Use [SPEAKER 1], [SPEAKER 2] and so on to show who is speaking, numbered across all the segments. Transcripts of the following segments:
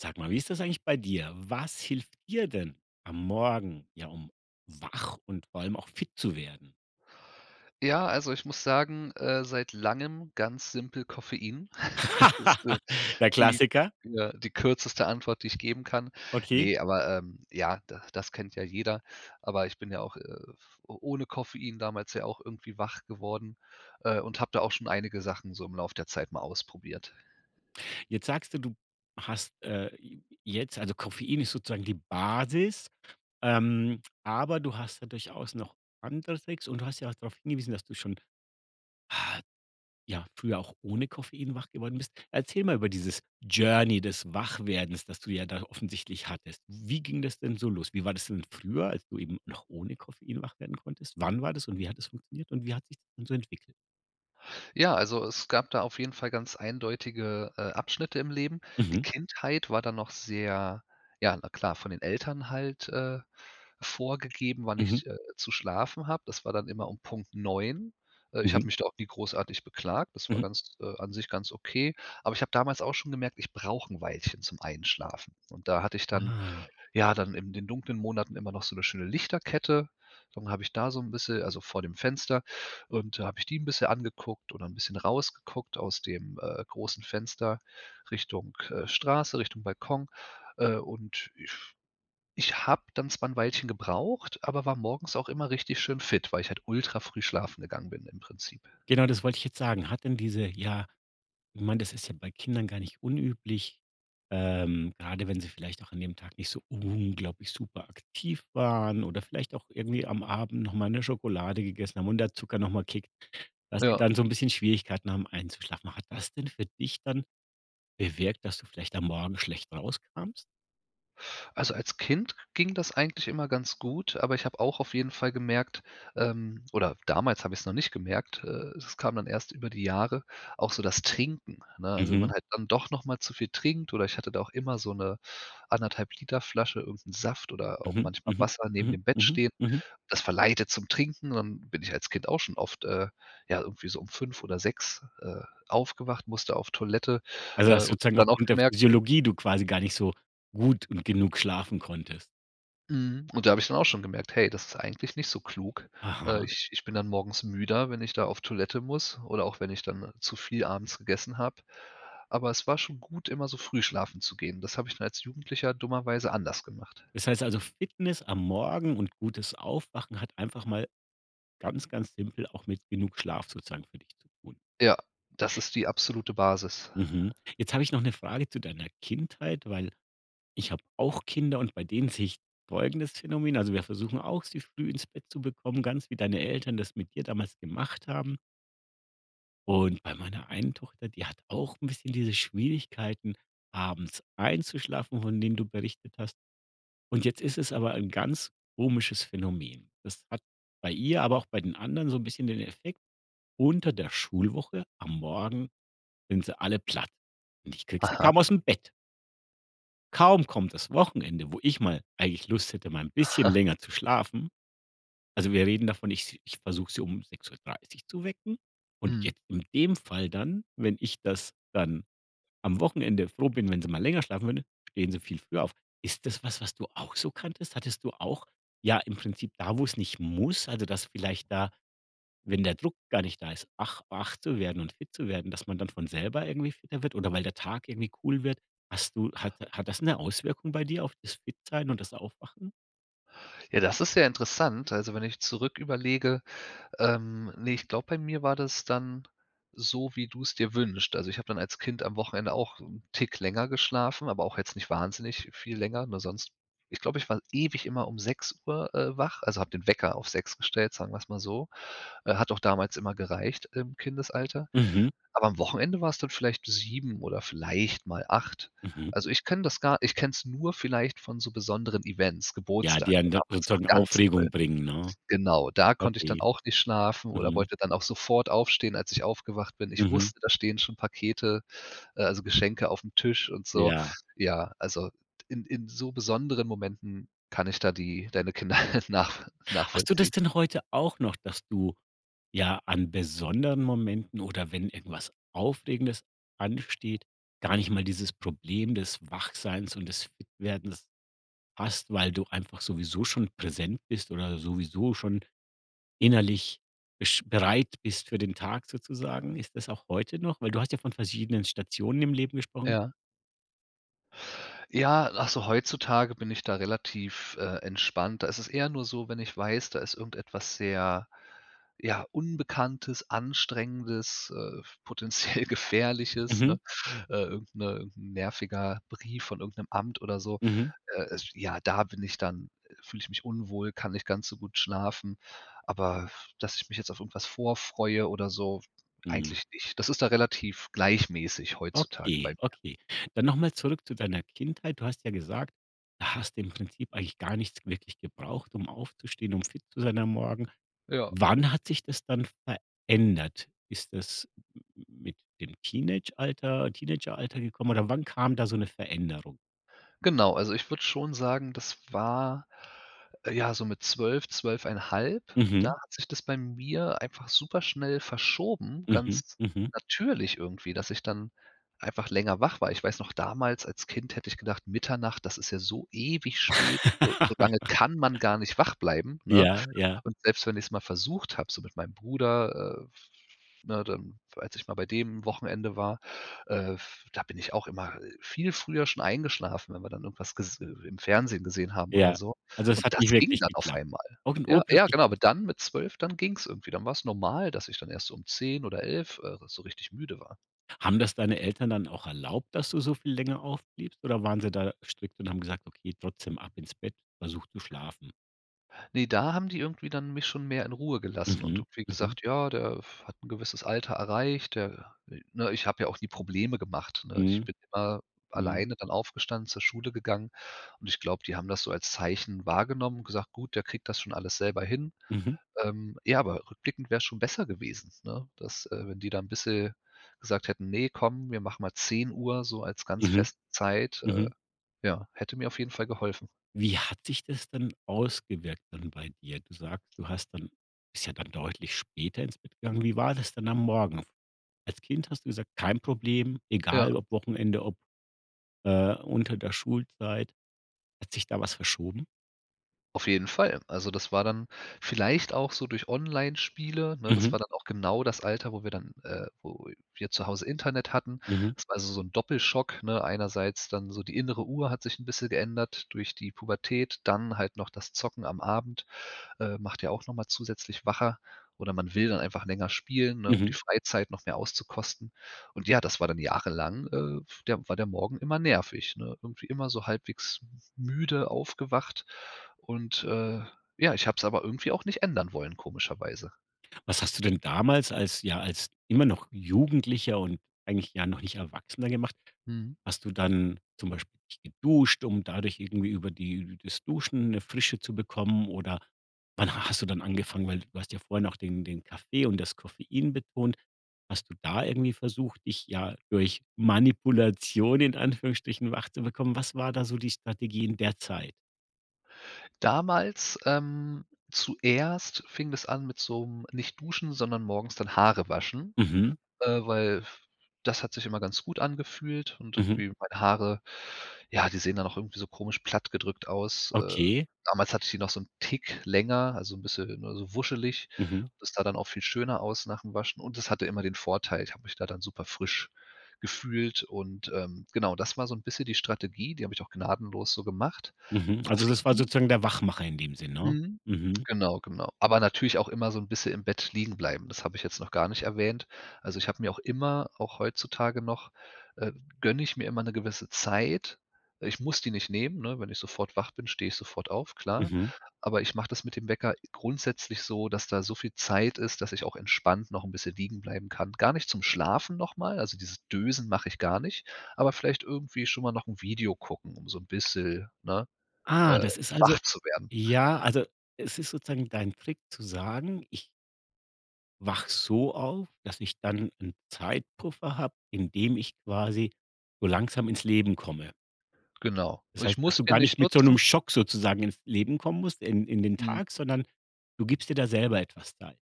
[SPEAKER 1] Sag mal, wie ist das eigentlich bei dir? Was hilft dir denn am Morgen, ja, um wach und vor allem auch fit zu werden?
[SPEAKER 2] Ja, also ich muss sagen äh, seit Langem ganz simpel Koffein. Das d
[SPEAKER 1] Der
[SPEAKER 2] die
[SPEAKER 1] Klassiker.
[SPEAKER 2] äh, die kürzeste Antwort, die ich geben kann.
[SPEAKER 1] Okay.
[SPEAKER 2] Ne, aber, ähm, ja, da das kennt ja jeder. Aber ich bin ja auch, äh, f o ohne Koffein damals ja auch irgendwie wach geworden, äh, und habe da auch schon einige Sachen so im Lauf der Zeit mal ausprobiert.
[SPEAKER 1] Jetzt sagst du, du hast, äh, je jetzt also Koffein ist sozusagen die Basis, ähm, aber du hast ja durchaus noch andere Tricks und du hast ja auch drauf hingewiesen, dass du schon ja früher auch ohne Koffein wach geworden bist. Erzähl mal über dieses Journey des Wachwerdens, das du ja da offensichtlich hattest. Wie ging das denn so los? Wie war das denn früher, als du eben noch ohne Koffein wach werden konntest? Wann war das und wie hat das funktioniert und wie hat sich das dann so entwickelt?
[SPEAKER 2] Ja, also es gab da auf jeden Fall ganz eindeutige, äh, Abschnitte im Leben. Die
[SPEAKER 1] Mhm.
[SPEAKER 2] Kindheit war dann noch sehr ja, na klar, von den Eltern halt, äh, vorgegeben, wann
[SPEAKER 1] Mhm.
[SPEAKER 2] ich, äh, zu schlafen habe. Das war dann immer Punkt 9 äh, ich
[SPEAKER 1] Mhm.
[SPEAKER 2] habe mich da auch nie großartig beklagt. Das war,
[SPEAKER 1] Mhm.
[SPEAKER 2] äh, ganz an sich ganz okay. Aber ich habe damals auch schon gemerkt, ich brauche 'n Weilchen zum Einschlafen und da hatte ich dann
[SPEAKER 1] Ah.
[SPEAKER 2] ja, dann in den dunklen Monaten immer noch so 'ne schöne Lichterkette. Dann habe ich da so 'n bisschen also vor dem Fenster und da habe ich die 'n bisschen angeguckt oder 'n bisschen rausgeguckt aus dem, äh, großen Fenster Richtung, äh, Straße, Richtung Balkon. Äh, und ich ich habe dann zwar 'n Weilchen gebraucht, aber war morgens auch immer richtig schön fit, weil ich halt ultra früh schlafen gegangen bin im Prinzip.
[SPEAKER 1] Genau, das wollte ich jetzt sagen. Hat denn diese, ja ich meine, das ist ja bei Kindern gar nicht unüblich, ähm, gerade wenn sie vielleicht auch an dem Tag nicht so unglaublich super aktiv waren oder vielleicht auch irgendwie am Abend noch mal 'ne Schokolade gegessen, und der Zucker noch mal kickt, dass die
[SPEAKER 2] Ja.
[SPEAKER 1] dann so 'n bisschen Schwierigkeiten haben, einzuschlafen. Hat das denn für dich dann bewirkt, dass du vielleicht am Morgen schlecht rauskamst?
[SPEAKER 2] Also als Kind ging das eigentlich immer ganz gut, aber ich habe auch auf jeden Fall gemerkt, ähm, oder damals habe ich's noch nicht gemerkt, äh, das kam dann erst über die Jahre, auch so das Trinken, ne? Also wenn man
[SPEAKER 1] Mhm.
[SPEAKER 2] halt dann doch noch mal zu viel trinkt oder ich hatte da auch immer so 'ne 1 1/2 Liter Flasche irgend 'n Saft oder auch
[SPEAKER 1] Mhm,
[SPEAKER 2] manchmal
[SPEAKER 1] mhm
[SPEAKER 2] Wasser neben
[SPEAKER 1] mhm,
[SPEAKER 2] dem Bett
[SPEAKER 1] mhm,
[SPEAKER 2] stehen,
[SPEAKER 1] mhm.
[SPEAKER 2] das verleitet zum Trinken und bin ich als Kind auch schon oft, äh, ja irgendwie so 5 oder 6, äh, aufgewacht, musste auf Toilette,
[SPEAKER 1] Also
[SPEAKER 2] äh,
[SPEAKER 1] das
[SPEAKER 2] und habe
[SPEAKER 1] sozusagen noch
[SPEAKER 2] dann auch
[SPEAKER 1] unter
[SPEAKER 2] gemerkt
[SPEAKER 1] Physiologie du quasi gar nicht so gut und genug schlafen konntest.
[SPEAKER 2] Mhm. Und da habe ich dann auch schon gemerkt: „Hey, das ist eigentlich nicht so klug, äh.
[SPEAKER 1] Aha.
[SPEAKER 2] Ich ich bin dann morgens müder, wenn ich da auf Toilette muss oder auch wenn ich dann zu viel abends gegessen habe.“ Aber es war schon gut, immer so früh schlafen zu gehen. Das habe ich mir als Jugendlicher dummerweise anders gemacht.
[SPEAKER 1] Das heißt also, Fitness am Morgen und gutes Aufwachen hat einfach mal ganz, ganz simpel auch mit genug Schlaf sozusagen für dich zu tun.
[SPEAKER 2] Ja, das ist die absolute Basis.
[SPEAKER 1] Mhm. Jetzt habe ich noch 'ne Frage zu deiner Kindheit, weil ich habe auch Kinder und bei denen sehe ich folgendes Phänomen, also wir versuchen auch, sie früh ins zu bekommen, ganz wie deine Eltern das mit dir damals gemacht haben. Und bei meiner einen Tochter, die hat auch 'n bisschen diese Schwierigkeiten, abends einzuschlafen, von denen du berichtet hast. Und jetzt ist es aber ein ganz komisches Phänomen. Das hat bei ihr, aber auch bei den anderen so 'n bisschen den Effekt, unter der Schulwoche am Morgen sind sie alle platt und ich kriege sie,
[SPEAKER 2] Aha.
[SPEAKER 1] kaum aus'm Bett. Kaum kommt das Wochenende, wo ich mal eigentlich Lust hätte, mal 'n bisschen länger zu schlafen also, wir reden davon, ich s ich versuche sie um 6:30 zu wecken und
[SPEAKER 2] Mhm
[SPEAKER 1] jetzt in dem Fall dann, wenn ich das dann am Wochenende froh bin, wenn sie mal länger schlafen würde, stehen sie viel früher auf. Ist das was, was du auch so kanntest? Hattest du auch, ja im Prinzip da, wo es nicht muss, also, dass vielleicht da wenn der Druck gar nicht da ist, wach wach zu werden und fit zu werden, dass man dann von selber irgendwie fitter wird oder weil der Tag irgendwie cool wird? Hast du hat ha hat das 'ne Auswirkung bei dir auf das Fit-Sein und das Aufwachen?
[SPEAKER 2] Ja, das ist ja interessant. Also, wenn ich zurück überlege, ähm, ne ich glaube, bei mir war das dann so, wie du es dir wünschst. Also, ich habe dann als Kind am Wochenende auch 'n Tick länger geschlafen, aber auch jetzt nicht wahnsinnig viel länger, nur sonst ich glaube, ich war ewig immer 6:00, äh, wach also, habe den Wecker auf 6:00 gestellt, sagen wir es mal so. Äh, hat auch damals immer gereicht im Kindesalter.
[SPEAKER 1] Mhm.
[SPEAKER 2] Aber am Wochenende war es dann vielleicht bis 7:00 oder vielleicht mal 8:00.
[SPEAKER 1] Mhm.
[SPEAKER 2] Also, ich kenne das gar ich kenne es nur vielleicht von so besonderen Events.
[SPEAKER 1] Ja,
[SPEAKER 2] Geburtstag
[SPEAKER 1] die einen dann
[SPEAKER 2] damals auch
[SPEAKER 1] sozusagen
[SPEAKER 2] ganz toll.
[SPEAKER 1] Aufregung bringen, ne?
[SPEAKER 2] Genau. Da konnte ich dann
[SPEAKER 1] Okay.
[SPEAKER 2] auch nicht schlafen oder
[SPEAKER 1] Mhm.
[SPEAKER 2] wollte dann auch sofort aufstehen, als ich aufgewacht bin. Ich
[SPEAKER 1] Mhm.
[SPEAKER 2] wusste, da stehen schon Pakete, äh, also, Geschenke auf'm Tisch und so.
[SPEAKER 1] Ja.
[SPEAKER 2] Ja, also, d in in so besonderen Momenten kann ich da die deine Kinder nach
[SPEAKER 1] Hast du das
[SPEAKER 2] nachvollziehen.
[SPEAKER 1] denn heute auch noch, dass du, ja, an besonderen Momenten oder wenn irgendwas Aufregendes ansteht, gar nicht mal dieses Problem des Wachseins und des Fitwerdens hast, weil du einfach sowieso schon präsent bist oder sowieso schon innerlich bisch bereit bist für den Tag sozusagen? Ist das auch heute noch? Weil du hast ja von verschiedenen Stationen im Leben gesprochen.
[SPEAKER 2] Ja. Ja, ach, so heutzutage bin ich da relativ, äh, entspannt. Da ist eher nur so, wenn ich weiß, da ist irgendetwas sehr, ja, Unbekanntes, Anstrengendes, äh, f potenziell Gefährliches,
[SPEAKER 1] Mhm.
[SPEAKER 2] ne? Äh, irgend 'ne nerviger Brief von irgend 'nem Amt oder so.
[SPEAKER 1] Mhm.
[SPEAKER 2] Äh, es ja, da bin ich dann fühle ich mich unwohl, kann nicht ganz so gut schlafen. Aber f dass ich mich jetzt auf irgendwas vor freue oder so,
[SPEAKER 1] Mhm.
[SPEAKER 2] eigentlich nicht. Das ist da relativ gleichmäßig heutzutage bei
[SPEAKER 1] Okay,
[SPEAKER 2] mir.
[SPEAKER 1] okay. Dann noch mal zurück zu deiner Kindheit. Du hast ja gesagt: „Da hast du im Prinzip eigentlich gar nichts wirklich gebraucht, um aufzustehen, um fit zu sein am Morgen“.
[SPEAKER 2] Ja.
[SPEAKER 1] Wann hat sich das dann verändert? Ist das m m mit dem Teenagealter Teenageralter gekommen oder wann kam da so 'ne Veränderung?
[SPEAKER 2] Genau, also, ich würde schon sagen, das war, äh, ja, so mit 12, 12 1/2, da
[SPEAKER 1] Mhm.
[SPEAKER 2] hat sich das bei mir einfach super-schnell verschoben,
[SPEAKER 1] Mhm,
[SPEAKER 2] ganz
[SPEAKER 1] mhm.
[SPEAKER 2] natürlich irgendwie, dass ich dann einfach länger wach war. Ich weiß noch damals als Kind hätte ich gedacht Mitternacht, das ist ja so ewig spät. So so lange kann man gar nicht wach bleiben, ne?
[SPEAKER 1] Ja, ja.
[SPEAKER 2] Und selbst wenn ich's mal versucht habe, so mit meinem Bruder, äh, f ne, dann, als ich mal bei dem Wochenende war, äh, f da bin ich auch immer, äh, viel früher schon eingeschlafen, wenn wir dann irgendwas ges i im Fernsehen gesehen haben oder
[SPEAKER 1] Ja,
[SPEAKER 2] so.
[SPEAKER 1] also, es
[SPEAKER 2] Und
[SPEAKER 1] hat
[SPEAKER 2] das
[SPEAKER 1] nicht
[SPEAKER 2] ging
[SPEAKER 1] wirklich
[SPEAKER 2] dann auf
[SPEAKER 1] geklappt.
[SPEAKER 2] einmal.
[SPEAKER 1] Auch 'n
[SPEAKER 2] Ja, ja, genau,
[SPEAKER 1] urplötzlichen
[SPEAKER 2] aber dann mit 12, dann ging es irgendwie. Dann war es normal, dass ich dann erst um 10:00 oder 11:00, äh, so richtig müde war.
[SPEAKER 1] Haben das deine Eltern dann auch erlaubt, dass du so viel länger aufbliebst oder waren sie da strickt und haben gesagt: „Okay, trotzdem ab ins Bett versuch zu schlafen.“?
[SPEAKER 2] Ne, da haben die irgendwie dann mich schon mehr in Ruhe gelassen. Und
[SPEAKER 1] Mhm,
[SPEAKER 2] du wie
[SPEAKER 1] mhm.
[SPEAKER 2] gesagt: „Ja, der f hat 'n gewisses Alter erreicht, der ne? Ich habe ja auch nie Probleme gemacht, ne? Ich
[SPEAKER 1] Mhm,
[SPEAKER 2] bin immer
[SPEAKER 1] mhm.
[SPEAKER 2] alleine dann aufgestanden, zur Schule gegangen. Und ich glaube, die haben das so als Zeichen wahrgenommen, gesagt: „Gut, der kriegt das schon alles selber hin“.
[SPEAKER 1] Mhm.
[SPEAKER 2] Ähm, ja, aber rückblickend wäre es schon besser gewesen, ne? Dass, äh, wenn die da bisschen gesagt hätten: „Ne, komm, wir machen mal 10:00 so als ganz
[SPEAKER 1] Mhm,
[SPEAKER 2] feste Zeit, äh.
[SPEAKER 1] mhm.
[SPEAKER 2] Ja, hätte mir auf jeden Fall geholfen.
[SPEAKER 1] Wie hat sich das denn ausgewirkt dann bei dir? Du sagst: „Du hast dann bist ja dann deutlich später ins Bett gegangen“. Wie war das dann am Morgen? Als Kind hast du gesagt: „Kein Problem,
[SPEAKER 2] Ja.
[SPEAKER 1] egal ob Wochenende, ob, äh, unter der Schulzeit“, hat sich da was verschoben?
[SPEAKER 2] Auf jeden Fall. Also, das war dann vielleicht auch so durch Onlinespiele, ne? Das
[SPEAKER 1] Mhm.
[SPEAKER 2] war dann auch genau das Alter, wo wir dann, äh wo wir zu Hause Internet hatten.
[SPEAKER 1] Mhm.
[SPEAKER 2] Das war also so 'n Doppelschock, ne? Einerseits dann so die innere Uhr hat sich 'n bisschen geändert durch die Pubertät, dann halt noch das Zocken am Abend. Äh, macht ja auch noch mal zusätzlich wacher oder man will dann einfach länger spielen, ne? Um die
[SPEAKER 1] Mhm.
[SPEAKER 2] Freizeit noch mehr auszukosten. Und ja, das war dann jahrelang, äh, der war der Morgen immer nervig, ne? Irgendwie immer so halbwegs m müde aufgewacht. Und, äh, ja, ich habe es aber irgendwie auch nicht ändern wollen, komischerweise.
[SPEAKER 1] Was hast du denn damals als ja, als immer noch Jugendlicher und eigentlich ja noch nicht Erwachsener gemacht?
[SPEAKER 2] Mhm.
[SPEAKER 1] Hast du dann zum Beispiel dich geduscht, um dadurch irgendwie über die das Duschen 'ne Frische zu bekommen oder wann hast du dann angefangen, weil du hast ja vorher noch den den Kaffee und das Koffein betont, hast du da irgendwie versucht, dich, ja, durch Manipulation in Anführungsstrichen wach zu bekommen? Was war da so die Strategie in der Zeit?
[SPEAKER 2] Damals, ähm, zuerst fing das an mit so 'nem nicht duschen, sondern morgens dann Haare waschen,
[SPEAKER 1] Mhm.
[SPEAKER 2] äh, f f weil das hat sich immer ganz gut angefühlt und
[SPEAKER 1] Mhm.
[SPEAKER 2] irgendwie meine Haare, ja, die sehen dann auch irgendwie so komisch platt gedrückt aus, äh.
[SPEAKER 1] Okay.
[SPEAKER 2] Damals hatte ich die noch so 'n Tick länger, also, 'n bisschen, ne, so wuschelig.
[SPEAKER 1] Mhm.
[SPEAKER 2] Das sah dann auch viel schöner aus nach dem Waschen und das hatte immer den Vorteil, ich habe mich da dann super frisch gefühlt und, ähm, genau, das war so 'n bisschen die Strategie, die habe ich auch gnadenlos so gemacht.
[SPEAKER 1] Mhm, also, das war
[SPEAKER 2] Koffein
[SPEAKER 1] sozusagen der Wachmacher in dem Sinne, ne?
[SPEAKER 2] Mhm.
[SPEAKER 1] Mhm.
[SPEAKER 2] Genau, genau. Aber natürlich auch immer so 'n bisschen im Bett liegen bleiben. Das habe ich jetzt noch gar nicht erwähnt. Also, ich habe mir auch immer, auch heutzutage noch, ähm, gönne ich mir immer 'ne gewisse Zeit. Ich muss die nicht nehmen, ne? Wenn ich sofort wach bin, stehe ich sofort auf, klar.
[SPEAKER 1] Mhm.
[SPEAKER 2] Aber ich mache das mit dem Wecker grundsätzlich so, dass da so viel Zeit ist, dass ich auch entspannt noch 'n bisschen liegen bleiben kann. Gar nicht zum Schlafen noch mal. Also, dieses Dösen mache ich gar nicht. Aber vielleicht irgendwie schon mal noch 'n Video gucken, um so 'n bisschen, ne,
[SPEAKER 1] Ah,
[SPEAKER 2] äh,
[SPEAKER 1] das ist also
[SPEAKER 2] wach zu werden.
[SPEAKER 1] ja, also, es ist sozusagen dein Trick zu sagen ich wache so auf, dass ich dann 'n Zeitpuffer habe, in dem ich quasi so langsam ins Leben komme.
[SPEAKER 2] Genau.
[SPEAKER 1] Das
[SPEAKER 2] Ich
[SPEAKER 1] heißt, dass
[SPEAKER 2] muss
[SPEAKER 1] du
[SPEAKER 2] den
[SPEAKER 1] gar nicht
[SPEAKER 2] nicht
[SPEAKER 1] mit so
[SPEAKER 2] nutzen
[SPEAKER 1] 'nem Schock sozusagen ins Leben kommen musst, in in den
[SPEAKER 2] Mhm.
[SPEAKER 1] Tag, sondern du gibst dir da selber etwas Zeit.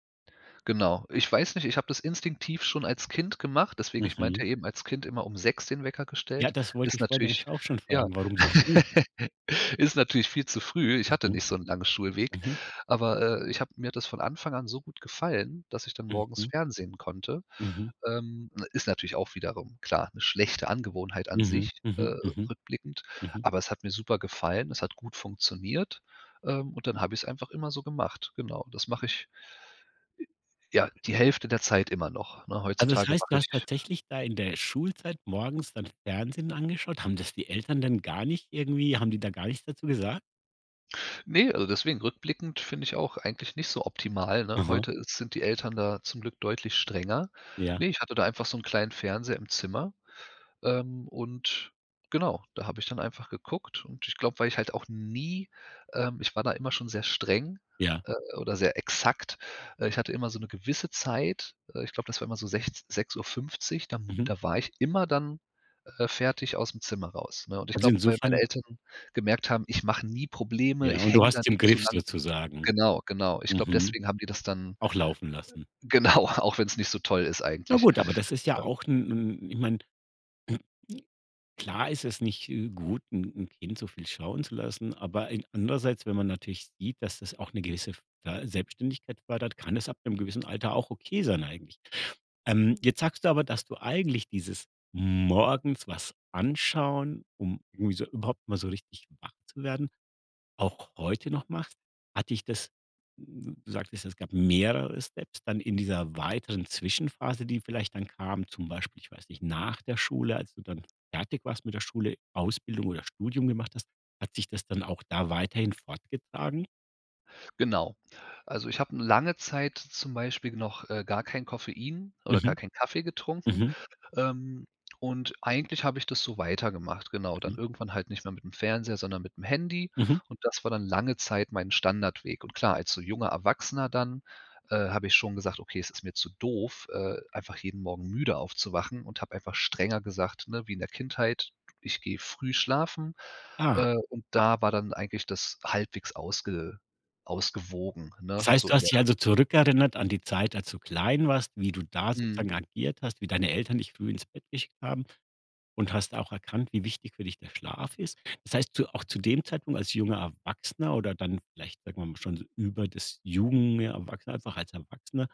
[SPEAKER 2] Genau. Ich weiß nicht, ich habe das instinktiv schon als Kind gemacht, deswegen, ich meinte
[SPEAKER 1] Mhm.
[SPEAKER 2] ja eben als Kind immer um 6:00 den Wecker
[SPEAKER 1] Ja,
[SPEAKER 2] gestellt.
[SPEAKER 1] das wollte
[SPEAKER 2] Ist
[SPEAKER 1] ich vorhin
[SPEAKER 2] natürlich
[SPEAKER 1] nämlich auch schon
[SPEAKER 2] ja,
[SPEAKER 1] fragen, warum so früh?
[SPEAKER 2] ist natürlich viel zu früh. Ich hatte
[SPEAKER 1] Mhm.
[SPEAKER 2] nicht so 'n langen Schulweg,
[SPEAKER 1] Mhm.
[SPEAKER 2] aber, äh, ich habe mir hat das von Anfang an so gut gefallen, dass ich dann morgens
[SPEAKER 1] Mhm.
[SPEAKER 2] fernsehen konnte.
[SPEAKER 1] Mhm.
[SPEAKER 2] Ähm, ne, ist natürlich auch wiederum klar, 'ne schlechte Angewohnheit an
[SPEAKER 1] Mhm,
[SPEAKER 2] sich,
[SPEAKER 1] mhm,
[SPEAKER 2] äh,
[SPEAKER 1] mhm.
[SPEAKER 2] rückblickend.
[SPEAKER 1] Mhm.
[SPEAKER 2] Aber es hat mir super gefallen. Es hat gut funktioniert. Ähm, und dann habe ich es einfach immer so gemacht. Genau. Das mache ich, ja, die Hälfte der Zeit immer noch, ne?
[SPEAKER 1] Also, das
[SPEAKER 2] Heutzutage
[SPEAKER 1] heißt, du
[SPEAKER 2] mache ich
[SPEAKER 1] hast tatsächlich da in der Schulzeit morgens dann Fernsehen angeschaut. Haben das die Eltern denn gar nicht irgendwie haben die da gar nichts dazu gesagt?
[SPEAKER 2] Ne, also, deswegen rückblickend finde ich auch eigentlich nicht so optimal, ne?
[SPEAKER 1] Aha.
[SPEAKER 2] Heute sind die Eltern da zum Glück deutlich strenger.
[SPEAKER 1] Ja.
[SPEAKER 2] Ne, ich hatte da einfach so 'n kleinen Fernseher im Zimmer, ähm, und genau. Da habe ich dann einfach geguckt und ich glaube, weil ich halt auch nie ähm, ich war da immer schon sehr streng,
[SPEAKER 1] Ja.
[SPEAKER 2] äh, oder sehr exakt, äh, ich hatte immer so 'ne gewisse Zeit, äh, ich glaube, das war immer so sech 6:50, dann
[SPEAKER 1] Mhm.
[SPEAKER 2] da war ich immer dann, äh, fertig aus'm Zimmer raus, ne? Und ich
[SPEAKER 1] Also,
[SPEAKER 2] glaube, weil
[SPEAKER 1] insofern
[SPEAKER 2] meine Eltern gemerkt haben, ich mache nie Probleme,
[SPEAKER 1] Ja
[SPEAKER 2] ich
[SPEAKER 1] und du
[SPEAKER 2] hänge
[SPEAKER 1] hast
[SPEAKER 2] da
[SPEAKER 1] es
[SPEAKER 2] nie
[SPEAKER 1] im
[SPEAKER 2] zu
[SPEAKER 1] Griff
[SPEAKER 2] lange.
[SPEAKER 1] sozusagen.
[SPEAKER 2] Genau, genau. Ich glaube,
[SPEAKER 1] Mhm.
[SPEAKER 2] deswegen haben die das dann
[SPEAKER 1] Auch laufen lassen.
[SPEAKER 2] äh, genau, auch wenn es nicht so toll ist
[SPEAKER 1] Ja
[SPEAKER 2] eigentlich.
[SPEAKER 1] gut, aber das ist ja
[SPEAKER 2] Äh
[SPEAKER 1] auch 'n 'n ich meine klar ist es nicht, äh, gut, 'n 'n Kind so viel schauen zu lassen, aber in andererseits, wenn man natürlich sieht, dass das auch 'ne gewisse f äh, Selbstständigkeit fördert, kann das ab 'nem gewissen Alter auch okay sein eigentlich. Ähm, jetzt sagst du aber, dass du eigentlich dieses morgens was anschauen, um irgendwie so überhaupt mal so richtig wach zu werden, auch heute noch machst, hat dich das n du sagtest: „Es gab mehrere Steps, dann in dieser weiteren Zwischenphase, die vielleicht dann kam“, zum Beispiel, ich weiß nicht, nach der Schule, als du dann fertig warst mit der Schule, Ausbildung oder Studium gemacht hast, hat sich das dann auch da weiterhin fortgetragen?
[SPEAKER 2] Genau. Also, ich habe 'ne lange Zeit zum Beispiel noch, äh, gar keinen Koffein oder gar
[SPEAKER 1] Mhm.
[SPEAKER 2] keinen Kaffee getrunken.
[SPEAKER 1] Mhm.
[SPEAKER 2] Ähm, und eigentlich habe ich das so weitergemacht, genau. Dann
[SPEAKER 1] Mhm.
[SPEAKER 2] irgendwann halt nicht mehr mitm Fernseher, sondern mitm Handy.
[SPEAKER 1] Mhm.
[SPEAKER 2] Und das war dann lange Zeit mein Standardweg. Und klar, als so junger Erwachsener dann, äh, habe ich schon gesagt: „Okay, es ist mir zu doof, äh, einfach jeden Morgen müde aufzuwachen,“ und habe einfach strenger gesagt, ne, wie in der Kindheit: „Ich gehe früh schlafen.“
[SPEAKER 1] Ah.
[SPEAKER 2] Äh, und da war dann eigentlich das halbwegs ausge ausgewogen,
[SPEAKER 1] Das
[SPEAKER 2] ne,
[SPEAKER 1] heißt,
[SPEAKER 2] so
[SPEAKER 1] du
[SPEAKER 2] in
[SPEAKER 1] hast dich
[SPEAKER 2] der
[SPEAKER 1] also zurückerinnert an die Zeit, als du klein warst, wie du da
[SPEAKER 2] Mhm.
[SPEAKER 1] sozusagen agiert hast, wie deine Eltern dich früh ins Bett geschickt haben, und hast auch erkannt, wie wichtig für dich der Schlaf ist. Das heißt, zu auch zu dem Zeitpunkt als junger Erwachsener oder dann vielleicht, sagen wir mal, schon über das Jugend ja, Erwachsener einfach als Erwachsener,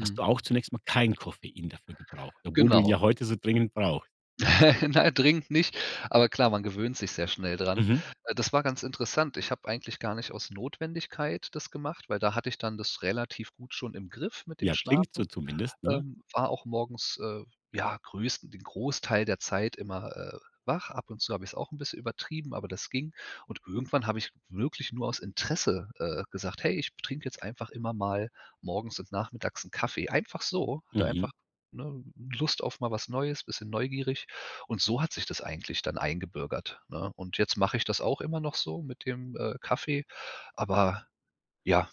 [SPEAKER 1] hast du auch zunächst mal kein Koffein dafür gebraucht, obwohl du
[SPEAKER 2] Genau.
[SPEAKER 1] ja heute so dringend brauch.
[SPEAKER 2] Nein, dringend nicht. Aber klar, man gewöhnt sich sehr schnell dran.
[SPEAKER 1] Mhm.
[SPEAKER 2] Äh, das war ganz interessant. Ich habe eigentlich gar nicht aus Notwendigkeit das gemacht, weil da hatte ich dann das relativ gut schon im Griff mit dem
[SPEAKER 1] Ja, klingt so
[SPEAKER 2] Schlafen.
[SPEAKER 1] zumindest, ne?
[SPEAKER 2] Ähm, war auch morgens, äh, ja größten den Großteil der Zeit immer, äh, wach. Ab und zu habe ich's auch 'n bisschen übertrieben, aber das ging. Und irgendwann habe ich wirklich nur aus Interesse, äh, gesagt: „Hey, ich trinke jetzt einfach immer mal morgens und nachmittags 'n Kaffee.“ Einfach so. Hatte
[SPEAKER 1] Mhm.
[SPEAKER 2] einfach, ne, Lust auf mal was Neues, bisschen neugierig. Und so hat sich das eigentlich dann eingebürgert, ne? Und jetzt mache ich das auch immer noch so mit dem, äh, Kaffee. Aber, ja,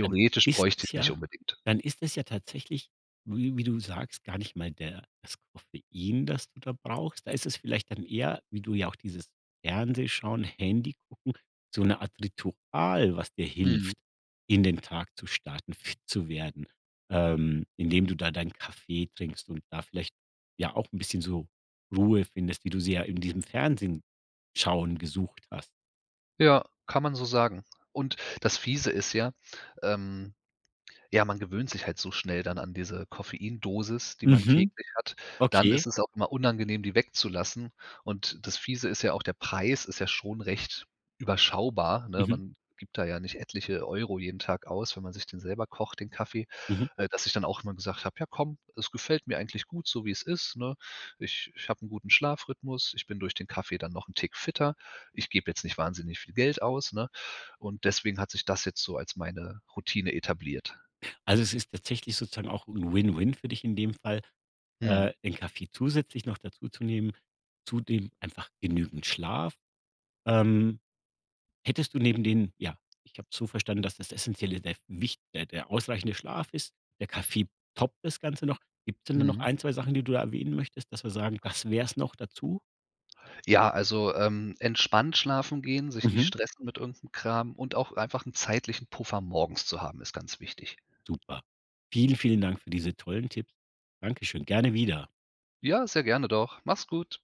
[SPEAKER 1] Dann ist
[SPEAKER 2] bräuchte
[SPEAKER 1] es
[SPEAKER 2] ich's nicht
[SPEAKER 1] ja
[SPEAKER 2] unbedingt.
[SPEAKER 1] dann ist es ja tatsächlich, wie wie du sagst, gar nicht mal der das Koffein, das du da brauchst. Da ist es vielleicht dann eher- wie du ja auch dieses Fernsehschauen, Handy-Gucken- so 'ne Art Ritual, was dir
[SPEAKER 2] Mhm.
[SPEAKER 1] hilft, in den Tag zu starten, fit zu werden, ähm, indem du da deinen Kaffee trinkst und da vielleicht ja auch 'n bisschen so Ruhe findest, wie du sie ja in diesem Fernsehen-Schauen gesucht hast.
[SPEAKER 2] Ja, kann man so sagen. Und das Fiese ist ja, ähm ja, man gewöhnt sich halt so schnell dann an diese Koffeindosis, die man
[SPEAKER 1] Mhm,
[SPEAKER 2] täglich hat. Dann
[SPEAKER 1] okay.
[SPEAKER 2] ist es auch immer unangenehm, die wegzulassen. Und das Fiese ist ja auch, der Preis ist ja schon recht überschaubar, ne?
[SPEAKER 1] Mhm.
[SPEAKER 2] Man gibt da ja nicht etliche Euro jeden Tag aus, wenn man sich den selber kocht den Kaffee.
[SPEAKER 1] Mhm.
[SPEAKER 2] Äh, dass ich dann auch immer gesagt habe: „Ja komm, es gefällt mir eigentlich gut so wie es ist, ne? Ich ich habe 'n guten Schlafrhythmus. Ich bin durch den Kaffee dann noch 'n Tick fitter. Ich gebe jetzt nicht wahnsinnig viel Geld aus.“ Ne? Und deswegen hat sich das jetzt so als meine Routine etabliert.
[SPEAKER 1] Also, es ist tatsächlich sozusagen auch 'n win-win für dich in dem Fall,
[SPEAKER 2] Mhm.
[SPEAKER 1] äh, den Kaffee zusätzlich noch dazu zu nehmen, zudem einfach genügend Schlaf. Ähm, hättest du neben dem ja, ich habe es so verstanden, dass das Essenzielle der wich der der ausreichende Schlaf ist, der Kaffee toppt das Ganze noch. Gibt es denn da noch
[SPEAKER 2] Mhm.
[SPEAKER 1] 1, 2 Sachen, die du da erwähnen möchtest, dass wir sagen, das wäre es noch dazu?
[SPEAKER 2] Ja, also, ähm, entspannt schlafen gehen, sich nicht
[SPEAKER 1] Mhm.
[SPEAKER 2] stressen mit irgend 'nem Kram und auch einfach 'n zeitlichen Puffer morgens zu haben, ist ganz wichtig.
[SPEAKER 1] Super, vielen, vielen Dank für diese tollen Tipps. Dankeschön, gerne wieder.
[SPEAKER 2] Ja, sehr gerne doch. Mach's gut.